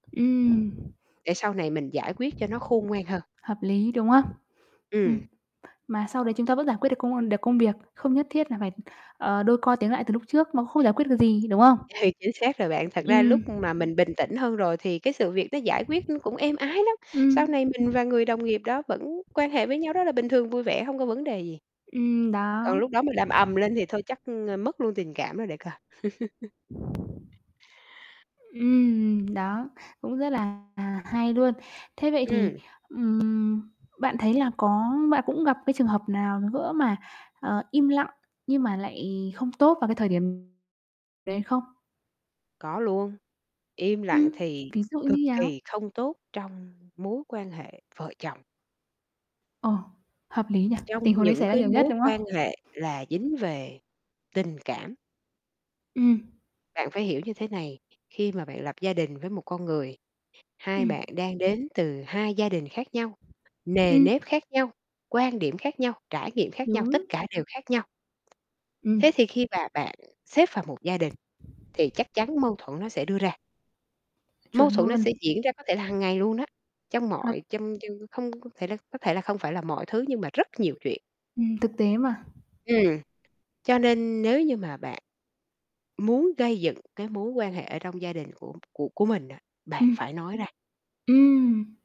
Ừm. Để sau này mình giải quyết cho nó khôn ngoan hơn. Hợp lý, đúng hông? Ừm. Ừm. Mà sau đấy chúng ta vẫn giải quyết được công, ưm được công việc, không nhất thiết là phải, ờ, đôi co tiếng lại từ lúc trước, nó không giải quyết được gì, đúng không? Hay, chính xác rồi bạn. Thật ra Ừm. lúc mà mình bình tĩnh hơn rồi thì cái sự việc nó giải quyết nó cũng êm ái lắm, sau Ừm. này mình và người đồng nghiệp đó vẫn quan hệ với nhau rất là bình thường, vui vẻ, hông có vấn đề gì. Ừm, đó. Còn lúc đó mình làm ầm lên thì thôi chắc, ưm, mất luôn tình cảm đó để coi. Ừm, đó, cũng rất là hay luôn. Thế vậy thì, Ừm. ừm, bạn thấy là có bạn cũng gặp cái trường hợp nào nữa mà, ờ, im lặng nhưng mà lại không tốt vào cái thời điểm đấy không? Có luôn. Im lặng Ừm, thì ví dụ như cực nhào? kỳ không tốt trong mối quan hệ vợ chồng. Ồ! Hợp lý nhỉ. Trong Tình huống đấy những xảy ra cái nhiều nhất, mối đúng quan không? hệ là dính về tình cảm. Ừm. Bạn phải hiểu như thế này, khi mà bạn lập gia đình với một con người, hai Ừm. bạn đang đến từ hai gia đình khác nhau, nề Ừm. nếp khác nhau, quan điểm khác nhau, trải nghiệm khác nhau, tất Đúng. cả đều khác nhau. Ừm. Thế thì khi mà bạn xếp vào một gia đình thì chắc chắn mâu thuẫn nó sẽ đưa ra. Mâu Chuẩn thuẫn nó sẽ luôn. diễn ra có thể là hàng ngày luôn á, trong H mọi trong trong không thể là có thể là không phải là mọi thứ, nhưng mà rất nhiều Ừm. chuyện. Ừm, thực tế mà. Ừm. Cho nên nếu như mà bạn muốn gây dựng cái mối quan hệ ở trong gia đình của của của mình á, bạn Ừm. phải nói ra. Ừm.